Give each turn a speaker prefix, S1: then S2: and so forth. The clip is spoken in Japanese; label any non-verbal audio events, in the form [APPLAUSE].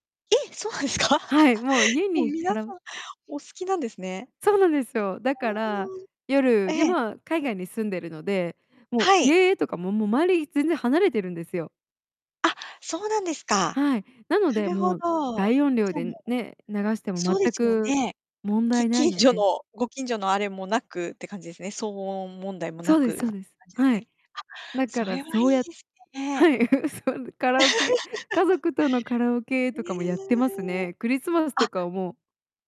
S1: え、そうなんですか？
S2: はい、もう
S1: [LAUGHS]
S2: 家
S1: もう、
S2: にカ
S1: 皆
S2: ラ
S1: さんお好きなんですね。
S2: そうなんですよ。だから、
S1: [UNINTELLIGIBLE] え
S2: 夜に
S1: え。
S2: まあ、海外に住んでるので、もう、
S1: はい。
S2: 家とかも、もう、周り全然離れてるんですよ。
S1: あ、そうなんですか。
S2: はい、なの
S1: な
S2: で、
S1: るほど。
S2: もう、大音量
S1: じゃあもう
S2: でね、流しても
S1: そうで
S2: 全
S1: すよ
S2: く
S1: ね。
S2: 問
S1: き
S2: 題ない
S1: 近
S2: の
S1: 所
S2: で
S1: のご近所のあれもなくって感じですね。騒音問題もな
S2: そうで
S1: くっ
S2: す
S1: て
S2: そう
S1: 感
S2: です。
S1: じです
S2: は
S1: ね。
S2: い。
S1: あ、
S2: だか
S1: そ
S2: ら、
S1: れは
S2: そ
S1: い
S2: う
S1: い
S2: や
S1: です
S2: は
S1: ね。
S2: い、[LAUGHS] そう、カラオケ家
S1: [LAUGHS]
S2: 族とのカラオケ
S1: へ
S2: とかもやってます
S1: え。
S2: ね。クリスマス
S1: あ。
S2: とかは、もう